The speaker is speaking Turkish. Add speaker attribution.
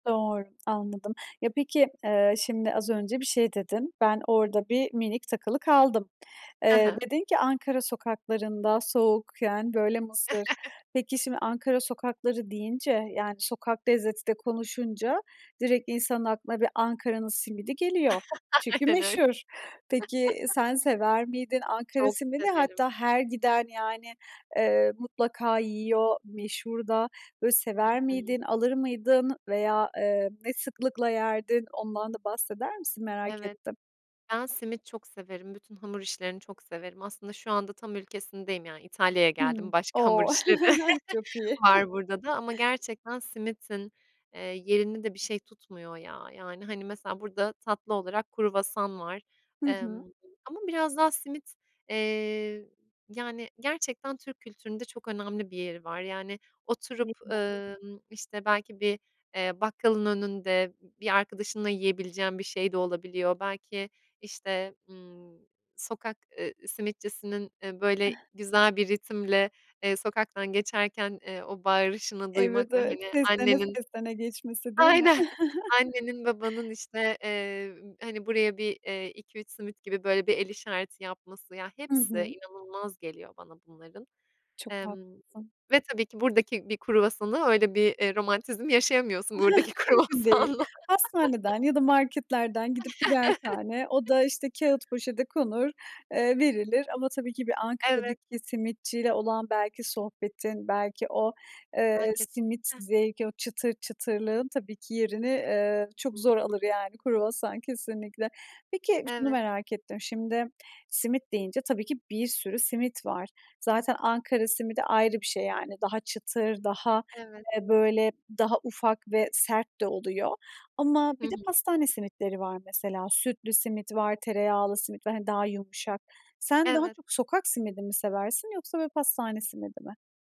Speaker 1: Doğr anladım. Ya peki, eee, şimdi az önce bir şey dedin. Ben orada bir minik takılı kaldım.
Speaker 2: Ha
Speaker 1: Eee,
Speaker 2: ha.
Speaker 1: dedin ki Ankara sokaklarında soğukken böyle mısır. Peki şimdi Ankara sokakları deyince, yani sokak lezzeti de konuşunca direkt insanın aklına bir Ankara'nın simidi geliyor çünkü
Speaker 2: Aynen öyle.
Speaker 1: meşhur. Peki sen sever miydin, Ankara
Speaker 2: Çok
Speaker 1: simidi?
Speaker 2: severim.
Speaker 1: Hatta her giden yani, ııı, mutlaka yiyor meşhur da. Böyle
Speaker 2: Hı
Speaker 1: sever
Speaker 2: hı.
Speaker 1: miydin, alır mıydın veya, eee, ne sıklıkla yerdin? Ondan da bahseder misin? Merak
Speaker 2: Evet,
Speaker 1: ettim.
Speaker 2: ben simit çok severim, bütün hamur işlerini çok severim. Aslında şu anda tam ülkesindeyim yani İtalya'ya geldim.
Speaker 1: Hımm.
Speaker 2: Başka hamur
Speaker 1: O!
Speaker 2: işleri
Speaker 1: Çok iyi.
Speaker 2: var burada da ama gerçekten simitin, eee, yerini de bir şey tutmuyor ya. Yani hani mesela burada tatlı olarak kruvasan var,
Speaker 1: Hı hı.
Speaker 2: emm, ama biraz daha simit, eee, yani gerçekten Türk kültüründe çok önemli bir yeri var. Yani oturup,
Speaker 1: Değil mi?
Speaker 2: ımm, işte belki bir, eee, bakkalın önünde b bir arkadaşınla yiyebileceğin bir şey de olabiliyor. Belki işte, ımm, sokak, ııı, simitçisinin, eee, böyle güzel bir ritimle, eee, sokaktan geçerken eee o bağırışını
Speaker 1: Evet,
Speaker 2: duymak ve
Speaker 1: evet.
Speaker 2: hani
Speaker 1: Seslene
Speaker 2: annenin,
Speaker 1: seslene geçmesi değil mi?
Speaker 2: aynen, annenin babanın işte, eee, hani buraya bir, eee, iki üç simit gibi böyle bir el işareti yapması, ya
Speaker 1: Hı
Speaker 2: hepsi
Speaker 1: hı.
Speaker 2: inanılmaz geliyor bana bunların,
Speaker 1: Çok
Speaker 2: emm,
Speaker 1: haklısın.
Speaker 2: ve tabii ki buradaki bir kruvasanı öyle bir, eee, romantizm yaşayamıyorsun buradaki
Speaker 1: Mümkün değil.
Speaker 2: kruvasanla.
Speaker 1: Hastaneden ya da marketlerden gidip birer tane, o da işte kağıt poşete konur, eee, verilir ama tabii ki bir
Speaker 2: Evet.
Speaker 1: Ankara'daki simitçiyle olan belki sohbetin, belki o, eee,
Speaker 2: A
Speaker 1: simit
Speaker 2: kesinlikle!
Speaker 1: zevki, o çıtır çıtırlığın tabii ki yerini, eee, çok zor alır yani kruvasan kesinlikle. Peki şunu
Speaker 2: Evet.
Speaker 1: merak ettim. Şimdi simit deyince tabii ki bir sürü simit var. Zaten Ankara simidi ayrı bir şey yani. Daha çıtır, daha,
Speaker 2: Evet.
Speaker 1: eee, böyle daha ufak ve sert de oluyor ama
Speaker 2: Hı
Speaker 1: bir de
Speaker 2: hı.
Speaker 1: pastane simitleri var mesela. Sütlü simit var, tereyağlı simit var, hani daha yumuşak. Sen daha
Speaker 2: Evet.
Speaker 1: çok sokak simidi mi seversin yoksa böyle pastane simidi mi?